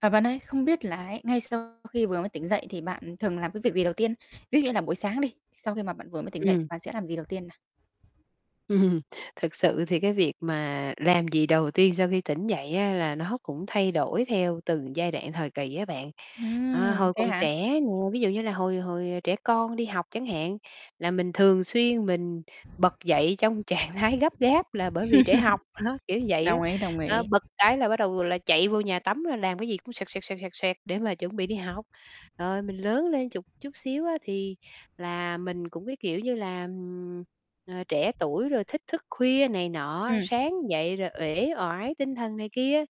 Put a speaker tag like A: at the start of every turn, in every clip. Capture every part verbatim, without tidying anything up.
A: À, bạn ơi, không biết là ấy, ngay sau khi vừa mới tỉnh dậy thì bạn thường làm cái việc gì đầu tiên? Ví dụ như là buổi sáng đi, sau khi mà bạn vừa mới tỉnh dậy,
B: Ừm.
A: bạn sẽ làm gì đầu tiên nè?
B: Ừm, thực sự thì cái việc mà làm gì đầu tiên sau khi tỉnh dậy á, là nó cũng thay đổi theo từng giai đoạn thời kỳ á bạn. À,
A: Ừm,
B: hồi
A: thế
B: còn
A: hả?
B: trẻ nè, ví dụ như là hồi hồi trẻ con đi học chẳng hạn, là mình thường xuyên mình bật dậy trong trạng thái gấp gáp là bởi vì trễ học, đó, kiểu vậy đó.
A: Đồng ý, đồng
B: Đó,
A: ý.
B: bật cái là bắt đầu là chạy vô nhà tắm rồi làm cái gì cũng xoẹt, xoẹt, xoẹt, xoẹt, xoẹt để mà chuẩn bị đi học. Rồi mình lớn lên chụt chút xíu á, thì là mình cũng cái, kiểu như là, ừm, ờ, trẻ tuổi rồi thích thức khuya này nọ á,
A: Ừm.
B: sáng dậy rồi uể oải tinh thần này kia.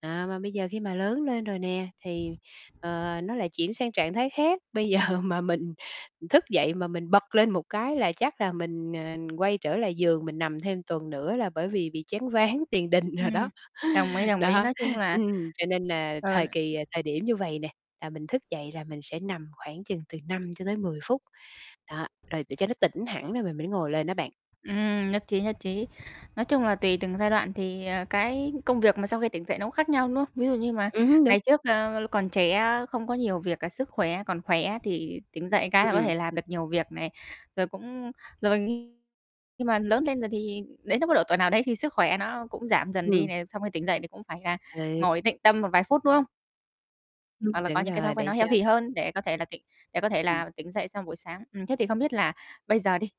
B: À, mà bây giờ khi mà lớn lên rồi nè thì, ờ, nó lại chuyển sang trạng thái khác, bây giờ mà mình thức dậy mà mình bật lên một cái là chắc là mình, ờ, quay trở lại giường mình nằm thêm tuần nữa, là bởi vì bị choáng váng tiền đình đồ đó.
A: Ừm, đồng ý, đồng ý,
B: Đó,
A: nói chung là
B: ừm, cho nên nà
A: ờ
B: thời kỳ, à thời điểm như vầy nè, là mình thức dậy là mình sẽ nằm khoảng chừng từ năm cho tới mười phút. Đó, rồi để cho nó tỉnh hẳn rồi mình mới ngồi lên đó bạn.
A: Ừm, nhất trí nhất trí. Nói chung là tùy từng giai đoạn thì, ờ, cái công việc mà sau khi tỉnh dậy nó cũng khác nhau, đúng không? Ví dụ như mà
B: Ừm hứm, đúng.
A: ngày trước, ờ, còn trẻ á, không có nhiều việc, cả sức khỏe còn khỏe thì tỉnh dậy cái là có
B: Ừm.
A: thể làm được nhiều việc này, rồi cũng rồi khi mà lớn lên rồi thì đến lúc có độ tuổi nào đấy thì sức khỏe nó cũng giảm dần đi
B: Ừm.
A: này, xong khi tỉnh dậy thì cũng phải là
B: Ừ.
A: ngồi tịnh tâm một vài phút, đúng không?
B: Ừm,
A: Hoặc là có
B: đúng
A: những cái thói
B: rồi,
A: quen nó
B: để cho
A: healthy hơn để có thể là tỉnh để có thể
B: Ừm.
A: là tỉnh dậy xong buổi sáng. Ừm, thế thì không biết là bây giờ đi